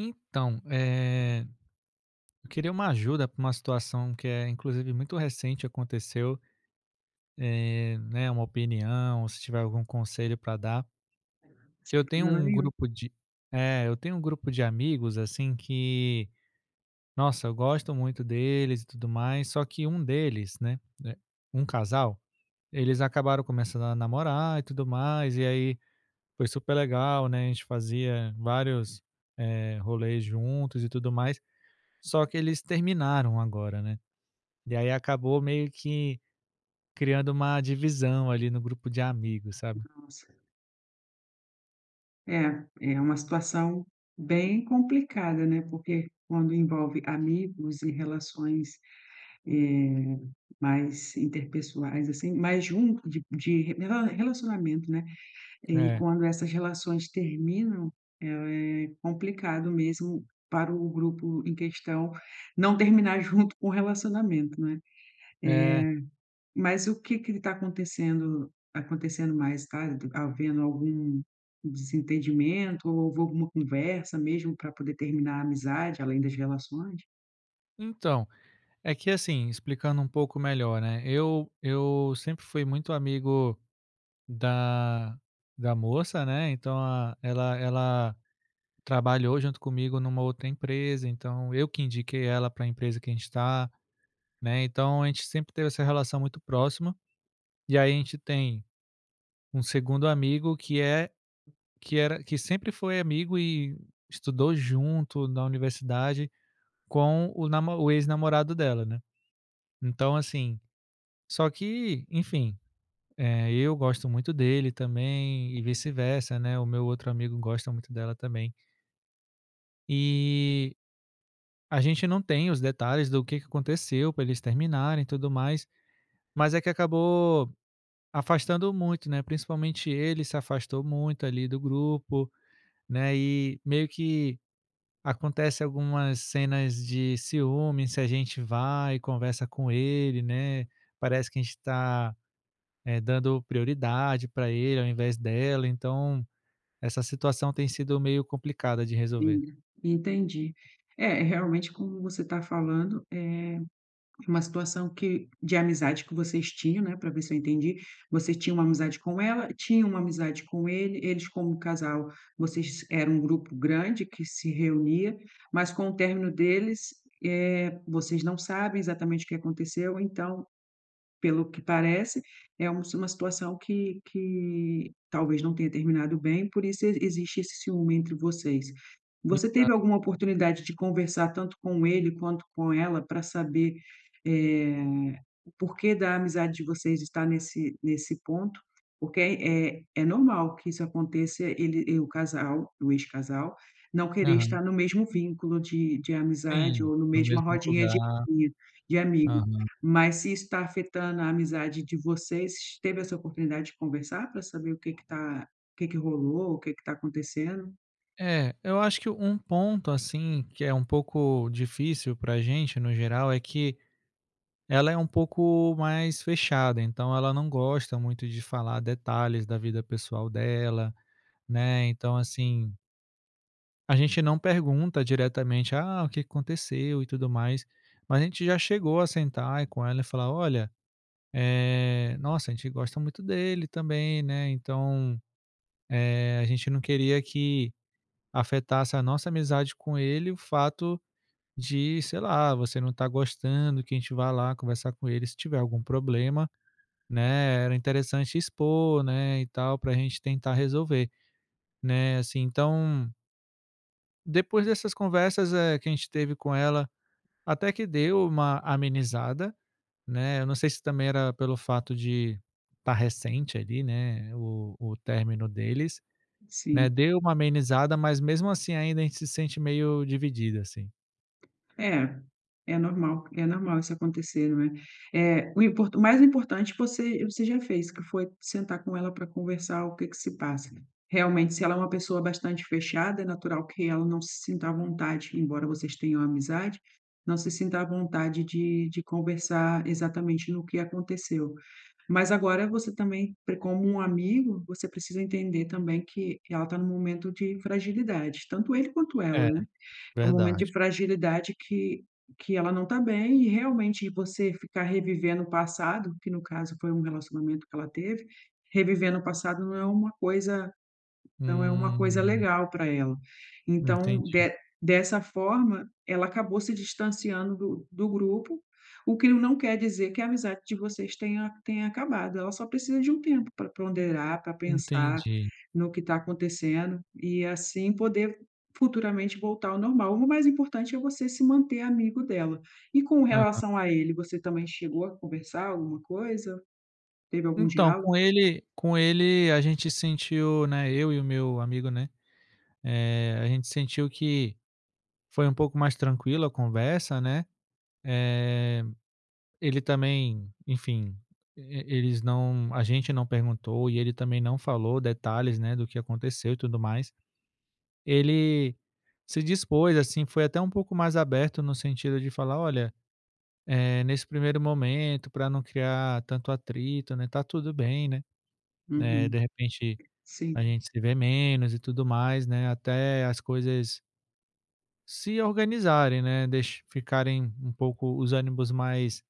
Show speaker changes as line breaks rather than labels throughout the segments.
Então, eh, eu queria uma ajuda pra uma situação que é, inclusive, muito recente, aconteceu, eh, né, uma opinião ou se tiver algum conselho para dar. Que eu
Sem
tenho
problema
um
nenhum.
grupo de É. Eu tenho um grupo de amigos assim, que nossa, eu gosto muito deles e tudo mais, só que um deles, né né, um casal, eles acabaram começando a namorar e tudo mais. E aí foi super legal, né, a gente fazia vários, eh, rolês juntos e tudo mais. Só que eles terminaram agora, né. E aí acabou meio que criando uma divisão ali no grupo de amigos, sabe?
Nossa. É, é uma situação bem complicada, né. Porque quando envolve amigos e relações, eh, mais interpessoais, assim, mais junto de de re rela relacionamento, né, e
É.
quando essas relações terminam, é é complicado mesmo para o grupo em questão não terminar junto com o relacionamento, né? Eh,
É.
mas o que que está acontecendo acontecendo mais? Está d havendo algum desentendimento ou houve alguma conversa mesmo para poder terminar a amizade, além das relações?
Então, é que assim, explicando um pouco melhor, né, eu eu sempre fui muito amigo da da moça, né, então, a ela ela trabalhou junto comigo numa outra empresa, então, eu que indiquei ela para a empresa que a gente tá, né, então a gente sempre teve essa relação muito próxima, e aí a gente tem um segundo amigo que é que era que sempre foi amigo e estudou junto na universidade com o namo o ex-namorado dela, né, então, assim só que, enfim, eh, eu gosto muito dele também e vice-versa, né. O meu outro amigo gosta muito dela também. Eh, a gente não tem os detalhes do que que aconteceu para eles terminarem e tudo mais. Mas é que acabou afastando muito, né, principalmente ele se afastou muito ali do grupo, né, eh, meio que acontece algumas cenas de ciúme se a gente vai conversa com ele, né, parece que a gente está, eh, dando prioridade para ele ao invés dela. Então, essa situação tem sido meio complicada de resolver.
Sim, entendi, é, realmente como você está falando, é uma situação que de amizade que vocês tinham, né, para ver se eu entendi. Vocês tinham uma amizade com ela, tinha uma amizade com ele, eles como casal, vocês eram um grupo grande que se reunia, mas com o término deles, eh, vocês não sabem exatamente o que aconteceu. Então, pelo que parece, é um s uma situação que que talvez não tenha terminado bem, por isso exi existe esse ciúme entre vocês. Você
Exato.
teve alguma oportunidade de conversar tanto com ele quanto com ela pra saber, eh, o porquê da amizade de vocês estar nesse nesse ponto? Porque é é é normal que isso aconteça, ele e o casal, o ex-casal, não querer
Aham.
estar no mesmo vínculo de de amizade,
Sim,
ou no
no
mesma
mesmo
rodinha
lugar.
de de amigo.
Aham.
Mas se isso está afetando a amizade de vocês, teve essa oportunidade de conversar? Pra saber o que que tá o que que rolou, o que que tá acontecendo?
É. Eu acho que um ponto, assim, que é um pouco difícil para a gente no geral, é que ela é um pouco mais fechada, então ela não gosta muito de falar detalhes da vida pessoal dela, né, então, assim A gente não pergunta diretamente: "Ah, o que que aconteceu e tudo mais". Mas a gente já chegou a sentar com ela e falar: "Olha, eh, nossa, a gente gosta muito dele também, né. Então, eh, a gente não queria que afetasse a nossa amizade com ele o fato de, sei lá, você não tá gostando que a gente vai lá conversar com ele. Se tiver algum problema, né. Era interessante expor, né. E tal, para a gente tentar resolver, né". Assim, então Depois dessas conversas, eh, que a gente teve com ela, até que deu uma amenizada, né. Eu não sei se também era pelo fato de tá recente ali, né, o o término deles, né,
Sim.
deu uma amenizada, mas mesmo assim ainda a gente se sente meio dividida assim.
É, é normal, é normal isso acontecer, não é? Eh, o impor o mais importante você você já fez que foi sentar com ela pra conversar o que que se passa realmente, se ela é uma pessoa bastante fechada, é natural que ela não se sinta à vontade, embora vocês tenham amizade, não se sinta à vontade de de conversar exatamente no que aconteceu. Mas agora você também pre como um amigo, você precisa entender também que ela tá num momento de fragilidade, tanto ele quanto ela,
É.
né? É um momento de
Verdade.
fragilidade que que ela não tá bem e realmente você ficar revivendo o passado, que no caso foi um relacionamento que ela teve, revivendo o passado não é uma coisa não é uma coisa
Hum.
legal para ela. Então
Entendi.
de dessa forma, ela acabou se distanciando do do grupo. O que não quer dizer que a amizade de vocês tenha tenha acabado. Ela só precisa de um tempo para ponderar para pensar
Entendi.
no que tá acontecendo e assim poder futuramente voltar ao normal. O mais importante é você se manter amigo dela e com
Aham.
relação a ele, você também chegou a conversar alguma coisa, teve algum
Então, com
diálogo?
ele com ele, a gente sentiu, né, eu e o meu amigo, né, eh, a gente sentiu que foi um pouco mais tranquilo a conversa, né. Eh, ele também, enfim, eles não a gente não perguntou e ele também não falou detalhes, né, do que aconteceu e tudo mais. Ele se dispôs, assim, foi até um pouco mais aberto no sentido de falar: "Olha, eh, nesse primeiro momento, para não criar tanto atrito, né, tá tudo bem, né, eh,
Uhum.
de repente a
Sim.
gente se vê menos e tudo mais, né, até as coisas" Se organizarem, né, deixa ficarem um pouco os ânimos mais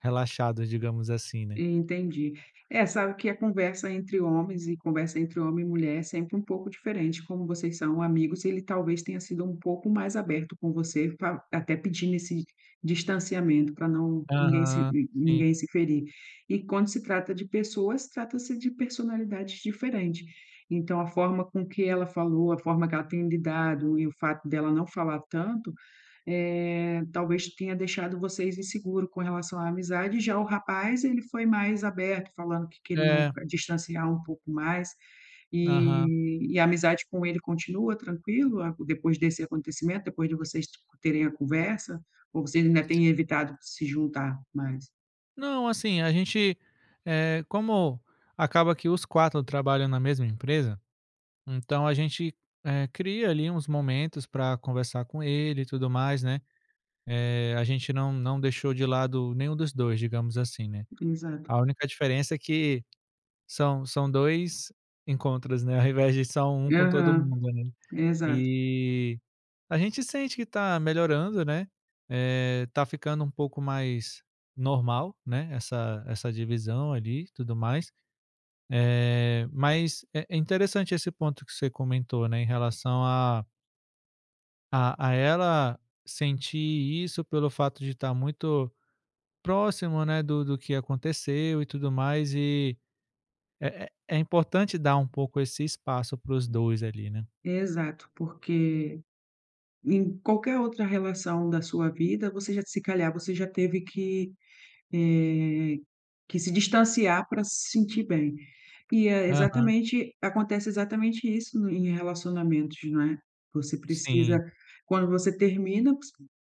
relaxados, digamos assim, né?
Entendi. Eh, sabe que a conversa entre homens e conversa entre homem e mulher é sempre um pouco diferente, como vocês são amigos, ele talvez tenha sido um pouco mais aberto com você fa até pedindo esse distanciamento para não ninguém se
Aham,
nin
sim.
ninguém se ferir e quando se trata de pessoas, trata-se de personalidades diferente. Então a forma com que ela falou, a forma que ela tem lidado e o fato dela não falar tanto, eh, talvez tenha deixado vocês inseguro com relação à amizade. Já o rapaz, ele foi mais aberto, falando que queriam
É.
distanciar um pouco mais
Aham.
e e a amizade com ele continua tranquilo depois desse acontecimento, depois de vocês terem a conversa, ou vocês ainda
[unintelligible]
tem evitado se juntar mais?
Não, assim, a gente, eh, como acaba que os 4 trabalham na mesma empresa, então a gente, eh, cria ali uns momentos para conversar com ele e tudo mais, né, eh, a gente não não deixou de lado nenhum dos 2, digamos assim, né,
Exato.
a única diferença é que são são 2 encontros, né, ao invés de só 1 com todo
Aham.
mundo, né?
Exato.
E a gente sente que tá melhorando, né, eh, tá ficando um pouco mais normal, né, essa essa divisão ali e tudo mais. Eh, mas, eh, é interessante esse ponto que você comentou, né, em relação a A a ela sentir isso pelo fato de estar muito próximo, né, do-do do que aconteceu e tudo mais e, eh, é importante dar um pouco esse espaço para os dois ali, né.
Exato, porque em qualquer outra relação da sua vida, você já, se calhar, você já teve que, eh, que se distanciar para se sentir bem e é
Aham.
exatamente, acontece exatamente isso e em relacionamentos, não é. Você precisa,
Sim.
quando você termina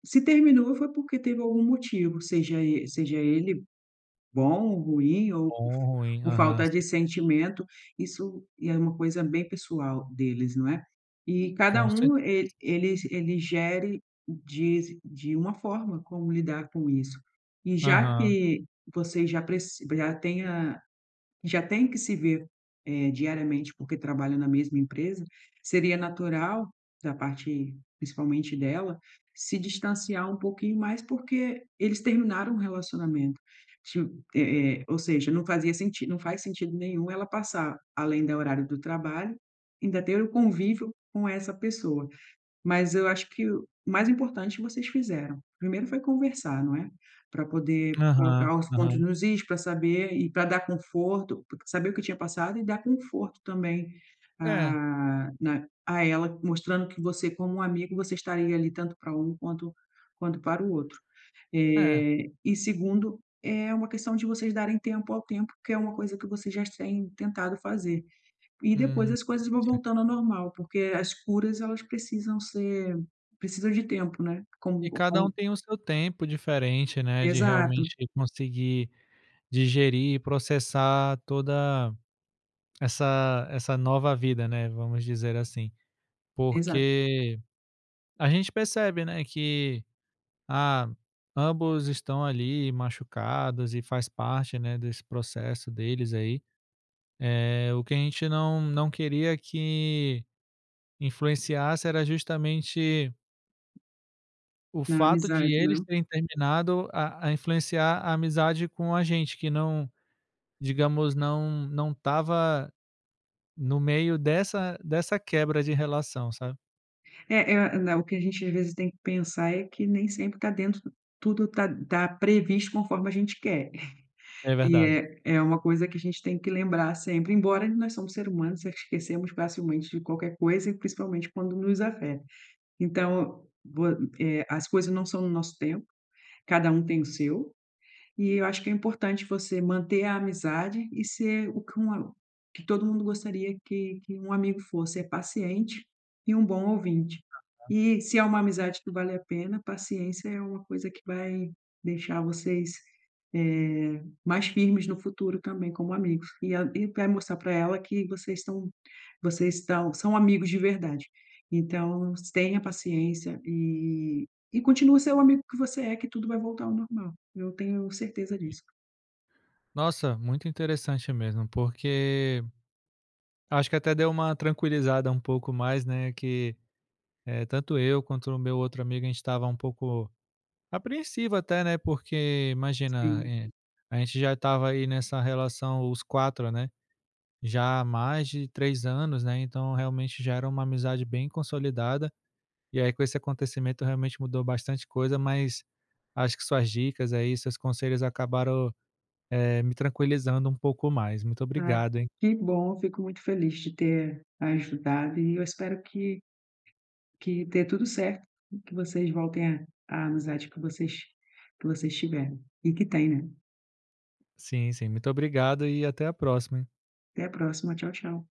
se terminou, foi porque teve algum motivo, seja e, seja ele, bom ou ruim, ou
Bom
por
ou ruim.
por
Aham,
falta de
sim.
sentimento, isso é uma coisa bem pessoal deles, não é. E cada
Com
um
certeza
e eles, ele gere diz de uma forma como lidar com isso e já
Aham.
que você já pre já tenha já tem que se ver é diariamente porque trabalha na mesma empresa, seria natural da parte, principalmente dela, se distanciar um pouquinho mais, porque eles terminaram o relacionamento. [unintelligible] É, é, ou seja, não fazia sentido, não faz sentido nenhum ela passar além do horário do trabalho, ainda ter o convívio com essa pessoa. Mas eu acho que o mais importante vocês fizeram. Primeiro foi conversar, não é, para poder
Aham
colocar os pontos
aham.
nos is para saber e para dar conforto, po saber o que tinha passado e dar conforto também,
É.
ah, na a ela, mostrando que você como um amigo, você estaria ali tanto para um quanto quanto para o outro.
É.
Eh, e segundo, é uma questão de vocês darem tempo ao tempo, que é uma coisa que vocês já têm tentado fazer e depois
Hum,
as coisas vão
sim.
voltando ao normal, porque as curas, elas precisam ser, precisam de tempo, né.
E
Como
cada um
como.
tem o seu tempo diferente, né, de,
Exato.
realmente, conseguir digerir, processar toda, essa essa nova vida, né, vamos dizer assim,
Exato.
porque a gente percebe, né, que, ah, ambos estão ali machucados e faz parte, né, desse processo deles, aí, eh o que a gente não não queria que influenciasse era justamente O
Na
fato de
amizade,
eles
né?
terem terminado a a influenciar a amizade com a gente que não, digamos, não não estava, no meio dessa dessa quebra de relação, sabe?
Eh eh, não, o que a gente, às vezes, tem que pensar é que nem sempre tá dentro tudo tá tá previsto conforme a gente quer.
É
É
verdade.
é é uma coisa que a gente tem que lembrar sempre, embora nós somos ser humano, esquecemos facilmente de qualquer coisa e principalmente quando nos afeta. Então, vo eh, as coisas não são no nosso tempo, cada o tem o seu. E eu acho que é importante você manter a amizade e ser o que um a o que todo mundo gostaria que que um amigo fosse, é paciente e um bom ouvinte.
Ah, tá.
E se é uma amizade que vale a pena, paciência é uma coisa que vai deixar vocês, eh, mais firmes no futuro também como amigos, e a e vai mostrar pra ela que vocês estão vocês estão são amigos de verdade, então tenha paciência, e e continua a ser o amigo que você é que tudo vai voltar ao normal. Eu tenho certeza
Sim.
disso.
Nossa, muito interessante, mesmo. Porque, acho que até deu uma tranquilizada um pouco mais, né, que, eh, tanto eu quanto o meu outro amigo, a gente estava um pouco apreensivo até, né, porque, imagina,
Sim.
eh, a gente já estava aí nessa relação, os 4, né, já há mais de 3 anos, né, então, realmente, já era uma amizade bem consolidada. E aí, com esse acontecimento realmente mudou bastante coisa. Mas acho que suas dicas aí, seus conselhos acabaram, eh, me tranquilizando um pouco mais. Muito
Ah,
obrigado, hein?
que bom! Fico muito feliz de ter ajudado e eu espero que que dê tudo certo, e que vocês voltem a a amizade que vocês que vocês tiveram, e que tem, né.
Sim, sim, muito obrigado e até a próxima, hein.
Até a próxima. Tchau, tchau.